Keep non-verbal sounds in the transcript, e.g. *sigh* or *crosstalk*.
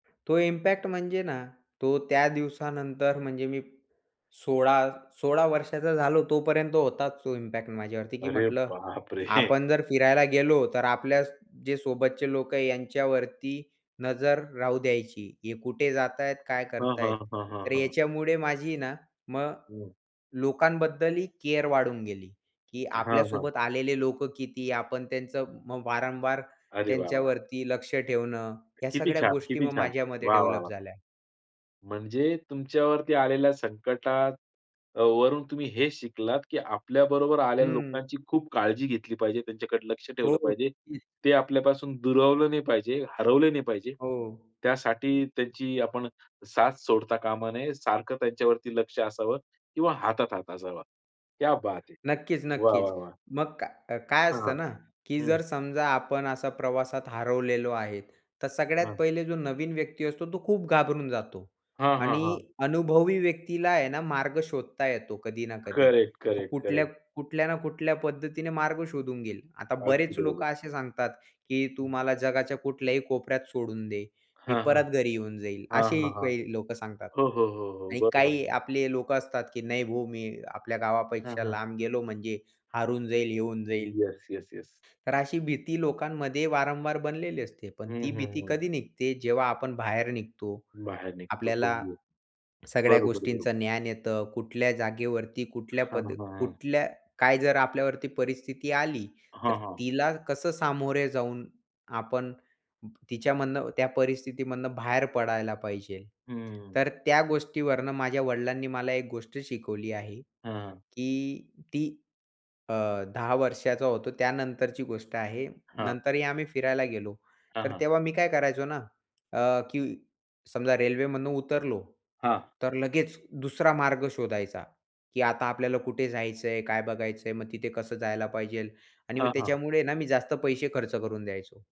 तो इम्पॅक्ट म्हणजे ना तो त्या दिवसानंतर, म्हणजे मी 16-16 वर्षाचा झालो तोपर्यंत होताच तो इम्पॅक्ट माझ्यावरती की अरे म्हटलं बापरे! *chuckles* आपण जर फिरायला गेलो तर, आपल्या जे सोबतचे लोक आहे यांच्यावरती नजर राहू द्यायची, हे कुठे जात आहेत, काय हां, करत हां, आहेत. हां, हां, तर हां. याच्यामुळे माझी ना मग हं. लोकांबद्दलही केअर वाढून गेली. की हां, हां. आपल्यासोबत आलेले लोक किती, आपण त्यांचं वारंवार अरे वाह, वाह! त्यांच्यावरती लक्ष ठेवणं, या किती सगळ्या छान! गोष्टी किती मग छान! माझ्यामध्ये वाह, वाह, डेव्हलप वाह! झाल्या. म्हणजे तुमच्यावरती आलेल्या संकटात वरून तुम्ही हे शिकलात की आपल्याबरोबर आलेल्या हं. लोकांची खूप काळजी घेतली पाहिजे. त्यांच्याकडे लक्ष हो. ठेवलं पाहिजे. हं. ते आपल्यापासून दुरावलं नाही पाहिजे, हरवलं नाही पाहिजे. हो. त्यासाठी त्यांची आपण साथ सोडता कामा नये. सारखं त्यांच्यावरती लक्ष असावं किंवा हातात हात असावा. क्या बात है! वाह! नक्कीच-नक्कीच. वाह! वाह! मग काय काय असतं हां, ना की हं. जर समजा आपण असा प्रवासात हरवलेलो आहे तर सगळ्यात हां. पहिले जो नवीन व्यक्ती असतो, तो खूप घाबरून जातो. हां, हां, आणि हां. अनुभवी व्यक्तीला आहे ना मार्ग शोधता येतो. कधी ना कधी तो करेक्ट-करेक्ट-करेक्ट. कुठल्या ना कुठल्या पद्धतीने मार्ग शोधून घेईल. आता अगदी बरेच बरोबर. लोकं असे सांगतात की तू हं. मला जगाच्या कुठल्याही कोपऱ्यात सोडून दे, मी हां, हां, परत घरी येऊन जाईल, हां, असेही हां, हां, काही लोकं सांगतात. हो, हो, हो, हो आणि बरोबर. काही आपले लोकं असतात की नाही भाऊ, मी आपल्या हां, गावापेक्षा हां. लांब गेलो म्हणजे हरवून जाईल, येऊन जाईल. Yes, yes, yes. तर अशी भीती लोकांमध्ये वारंवार बनलेली असते. पण हं, ती हं, भीती हं. कधी निघते? जेव्हा आपण बाहेर निघतो. बाहेर निघतो आपल्याला बघू. सगळ्या बरोबर-बरोबर. गोष्टींचं ज्ञान येतं, कुठल्या जागेवरती, कुठल्या हां, पद, हां, हां. कुठल्या काय, जर आपल्यावरती परिस्थिती आली तर हां, हां. तिला कसं सामोरे जाऊन आपण तिच्यामधनं, त्या परिस्थितीमधनं बाहेर पडायला पाहिजे. हं. तर त्या गोष्टीवरनं माझ्या वडिलांनी मला एक गोष्ट शिकवली आहे. हां. की ती अ, 10 वर्षाचा होतो त्यानंतरची गोष्ट आहे. हां. नंतरही आम्ही फिरायला गेलो हां, तर हां. तेव्हा मी काय करायचो ना अ, की समजा रेल्वेमधून उतरलो, हां. तर लगेच दुसरा मार्ग शोधायचा की आता आपल्याला कुठे जायचं आहे? काय बघायचं आहे? मग तिथे कसं जायला पाहिजे? आणि मग हां, हां. त्याच्यामुळे ना, मी जास्त पैसे खर्च करून द्यायचो.